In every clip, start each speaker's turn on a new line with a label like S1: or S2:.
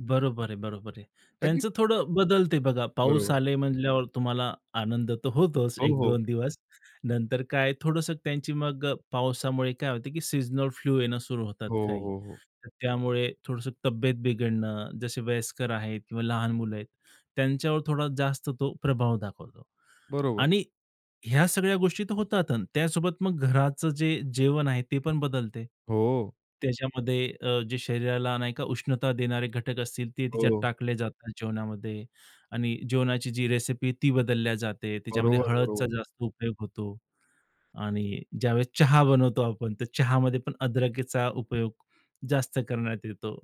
S1: बरोबर आहे. बरोबर आहे.
S2: का की
S1: त्यांचं थोडं बदलते बघा पाऊस
S2: बरोबर.
S1: आले म्हणल्यावर तुम्हाला आनंद तर होतोच
S2: हो,
S1: एक
S2: हो.
S1: दोन दिवस. नंतर काय थोडंसं त्यांची मग अ, पावसामुळे काय होते की सीझनल फ्लू येणं सुरू होतात
S2: हो, हो,
S1: काही.
S2: हो, हो.
S1: तर त्यामुळे थोडंसं तब्येत बिघडणं, जसे वयस्कर आहेत किंवा लहान मुलं आहेत. त्यांच्यावर थोडा जास्त तो प्रभाव दाखवतो.
S2: बरोबर.
S1: आणि ह्या सगळ्या गोष्टी तर होतात अन् त्यासोबत मग घराचं जे जेवण आहे ते पण बदलते.
S2: हो.
S1: त्याच्यामध्ये अ, जे शरीराला, नाही का, उष्णता देणारे घटक असतील ते तिच्यात
S2: हो.
S1: टाकले जातात जेवणामध्ये आणि जेवणाची जी रेसिपी आहे ती बदलल्या जाते. त्याच्यामध्ये
S2: बरोबर.
S1: हळदीचा
S2: बरोबर.
S1: जास्त उपयोग होतो आणि ज्यावेळेस चहा बनवतो आपण तर चहामध्ये पण अदरकीचा उपयोग जास्त करण्यात येतो.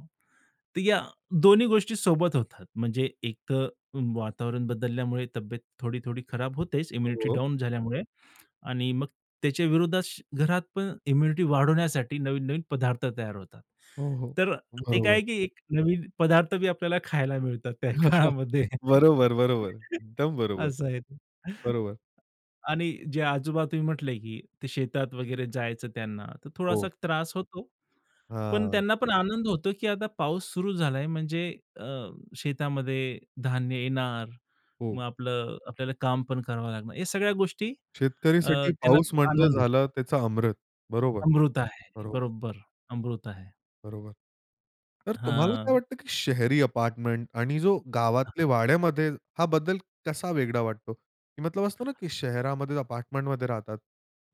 S1: तर या दोन्ही गोष्टी सोबत होतात. म्हणजे एक तर वातावरण बदलल्यामुळे तब्येत थोडी-थोडी खराब होतेच इम्युनिटी
S2: हो.
S1: डाउन झाल्यामुळे आणि मग त्याच्या विरोधात घरात पण इम्युनिटी वाढवण्यासाठी नवीन-नवीन पदार्थ तयार होतात.
S2: हो, हो.
S1: तर ते काय
S2: बरोबर.
S1: आहे की एक नवीन पदार्थ बी आपल्याला खायला मिळतात त्या काळामध्ये.
S2: बरोबर, बरोबर. एकदम बरोबर.
S1: असं आहे ते.
S2: बरोबर.
S1: आणि जे आजोबा तुम्ही म्हटले की ते शेतात वगैरे जायचं त्यांना, तर थोडासा
S2: हो.
S1: त्रास होतो. पण
S2: हां.
S1: त्यांना पण आनंद होतो की आता पाऊस सुरू झाला आहे म्हणजे अ, शेतामध्ये धान्य येणार. मग
S2: हो.
S1: आपलं आपल्याला काम पण करावं लागणार. हे सगळ्या गोष्टी अ,
S2: शेतकरीसाठी
S1: त्यांना
S2: पाऊस म्हणजे
S1: आनंद
S2: झालं
S1: होतो.
S2: त्याचा अमृत. बरोबर.
S1: अमृत आहे.
S2: बरोबर.
S1: बरोबर. अमृत आहे.
S2: बरोबर. तर तुम्हाला काय
S1: हां.
S2: वाटतं की शहरी अपार्टमेंट आणि जो
S1: हां, हां.
S2: गावातल्या वाड्यामध्ये हा बद्दल कसा वेगळा वाटतो? की मतलब असतं ना की शहरामध्ये अपार्टमेंटमध्ये राहतात.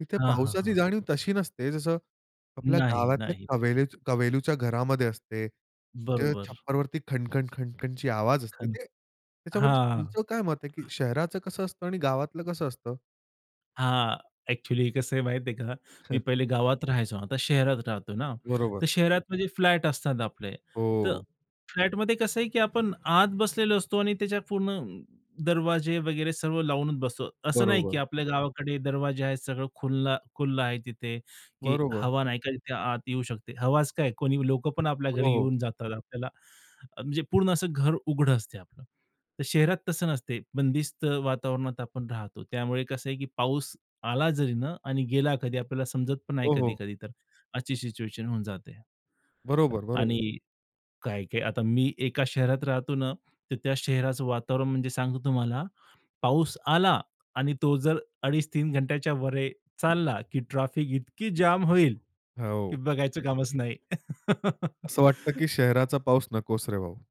S2: तिथे
S1: हां, हां,
S2: पावसाची
S1: हां.
S2: जाणीव तशी नसते जसं आपल्या
S1: नाही.
S2: गावातल्या
S1: नाही.
S2: क कौलारु घरामध्ये असते. जे
S1: बरोबर.
S2: छप्परवरती खण-खण, खण-खणची आवाज असते.
S1: खण,
S2: ते त्याच्याबद्दल
S1: हां. [unintelligible]
S2: तुमचं काय मत आहे की शहराचं कसं असतं आणि गावातलं कसं असतं?
S1: हां. एक्चुअली कसं आहे माहिती आहे का? मी
S2: हं.
S1: पहिले गावात राहायचो. आता शहरात राहतो ना, तर
S2: बरोबर.
S1: शहरात म्हणजे फ्लॅट असतात आपले. तर
S2: हो.
S1: फ्लॅटमध्ये कसं आहे की आपण आत बसलेलो असतो आणि त्याच्या पूर्ण दरवाजे वगैरे सर्व लावूनच बसतो. असं नाही की
S2: बरोबर.
S1: आपल्या गावाकडे दरवाजे आहेत, सगळं खुलं, खुलं आहे तिथे की
S2: बरोबर.
S1: हवा नाही का तिथे आत येऊ शकते. हवाच काय कोणी लोकं पण आपल्या
S2: हो,
S1: घरी
S2: हो.
S1: येऊन जातात आपल्याला अ, म्हणजे पूर्ण असं घर उघडं असते आपलं. तर शहरात तसं नसते. बंदिस्त वातावरणात आपण राहतो. त्यामुळे कसं आहे की पाऊस आला जरी ना आणि गेला कधी आपल्याला समजत पण नाही
S2: हो, हो.
S1: कधी-कधी तर. अशी सिच्युएशन होऊन जाते. अ,
S2: बरोबर, बरोबर.
S1: आणि काय-काय आता मी एका शहरात राहतो ना, तर त्या शहराचं वातावरण म्हणजे सांगतो तुम्हाला, पाऊस आला आणि तो जर 2.5-3 घंट्याच्यावर चालला की ट्रॅफिक इतकी जाम होईल की
S2: हो.
S1: बघायचं कामच नाही.
S2: असं वाटतं, की शहराचा पाऊस नकोच रे भाऊ!